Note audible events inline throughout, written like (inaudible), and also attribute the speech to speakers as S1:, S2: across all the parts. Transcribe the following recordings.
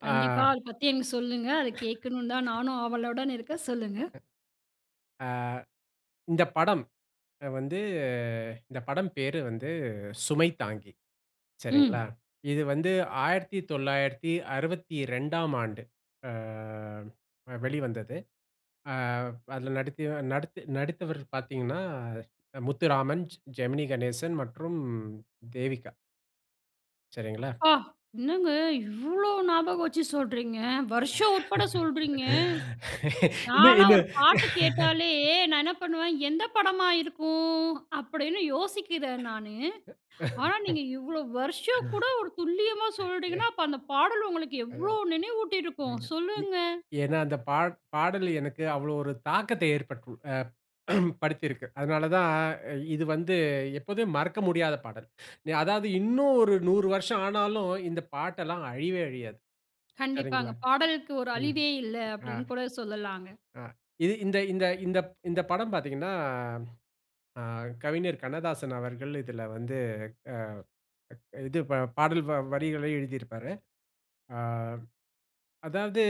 S1: ஆ.
S2: கண்டிப்பா. அத பத்தி எனக்கு சொல்லுங்க. அத கேக்கணும்னு தான் நானும் ஆவலுடன் இருக்கேன். சொல்லுங்க.
S1: ஆ. இந்த படம் வந்து இந்த படம் பேரு வந்து "சுமை தாங்கி." சரிங்களா.
S2: ம்.
S1: இது வந்து 1962ஆம் ஆண்டு, அ வெளிவந்தது. ஆ. அதுல, நடித் நடித்து நடித்தவர் பார்த்தீங்கன்னா, முத்துராமன், ஜெமினி கணேசன் மற்றும் தேவிகா. சரிங்களா?
S2: அப்பா! என்னங்க இவ்வளோ ஞாபகம் வச்சு சொல்றீங்க, வருஷம் உட்பட சொல்றீங்க!
S1: இன்னும்,
S2: நான்லாம் ஒரு
S1: இன்னும்.
S2: பாட்டு கேட்டாலே, நான் என்ன பண்ணுவேன் எந்த படமா இருக்கும்? அப்டின்னு யோசிக்கிறேன் நானு. ஆனா, நீங்க இவ்ளோ வருஷம் கூட ஒரு துல்லியமா
S1: (laughs) ம்.
S2: சொல்றீங்கணா, அப்போ அந்த பாடல் உங்களுக்கு
S1: ம்.
S2: எவ்ளோ நினைவூட்டிருக்கும்.
S1: ஆமா.
S2: சொல்லுங்க.
S1: ஏன்னா, அந்த பாட பாடல் எனக்கு அவ்ளோ ஒரு தாக்கத்த ஏற்பட்டு (grunts) படுத்தியிருக்கு. அதனால தான் இது வந்து எப்போதுமே மறக்க முடியாத பாடல். அதாவது இன்னும் ஒரு 100 வருஷம் ஆனாலும், இந்த பாட்டெல்லாம் அழிவே அழியாது.
S2: கண்டிப்பாங்க.
S1: சரிங்களா.
S2: பாடலுக்கு ஒரு
S1: ம்.
S2: அழிவே இல்ல,
S1: அ.
S2: அப்டின்னு கூட சொல்லலாங்க.
S1: ஆ. இது இந்த இந்த இந்த ப் படம் பார்த்தீங்கன்னா, ஆ கவிஞர் கண்ணதாசன் அவர்கள் இதுல வந்து, ஆ, இது பாடல் வ வரிகள எழுதியிருப்பாரு. ஆ. அதாவது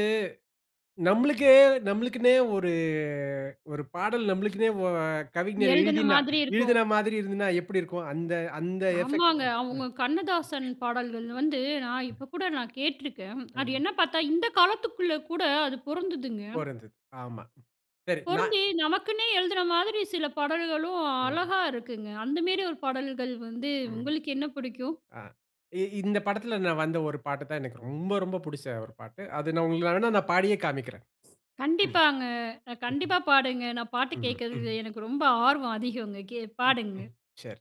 S1: நம்ளுக்கே நம்ளுக்குன்னே ஒரு ஒரு பாடல் நம்ளுக்குன்னே கவிஞர்
S2: எழுதின
S1: எழுதினா
S2: மாதிரி இருக்கும்.
S1: எழுதின மாதிரி இருந்ததுனா எப்டி இருக்கும். அந்த அந்த எஃபெக்ட்.
S2: ஆமாங்க.
S1: ம்.
S2: அவுங்க கண்ணதாசன் பாடல்கள் வந்து, நான் இப்ப கூட நான் கேட்டுருக்கேன். அது
S1: ஆமா.
S2: என்ன பார்த்தா, இந்த காலத்துக்குள்ல கூட அது பொறந்ததுங்க.
S1: பொருந்தது. ஆமா. சரி. நா
S2: பொருந்தி நமக்குன்னே எழுதின மாதிரி சில பாடல்களும்
S1: வேணும்.
S2: அழகா இருக்குங்க. அந்த மேரி ஒரு பாடல்கள் வந்து
S1: ம்.
S2: உங்களுக்கு என்ன பிடிக்கும்?
S1: ஆ, இ இந்த படத்தில நான் வந்த ஒரு பாட்டு தான் எனக்கு ரொம்ப ரொம்ப பிடிச்ச ஒரு பாட்டு. அது நான் உங்களுக்காகனா நான் பாடியே காமிக்கிறேன். ம்.
S2: கண்டிப்பாங்க. கண்டிப்பா பாடுங்க நான் பாட்டு
S1: ம். ம்.
S2: கேக்கறது எனக்கு ரொம்ப ஆர்வம் அதிகம்ங்க. கே
S1: ம்.
S2: பாடுங்க.
S1: சரி.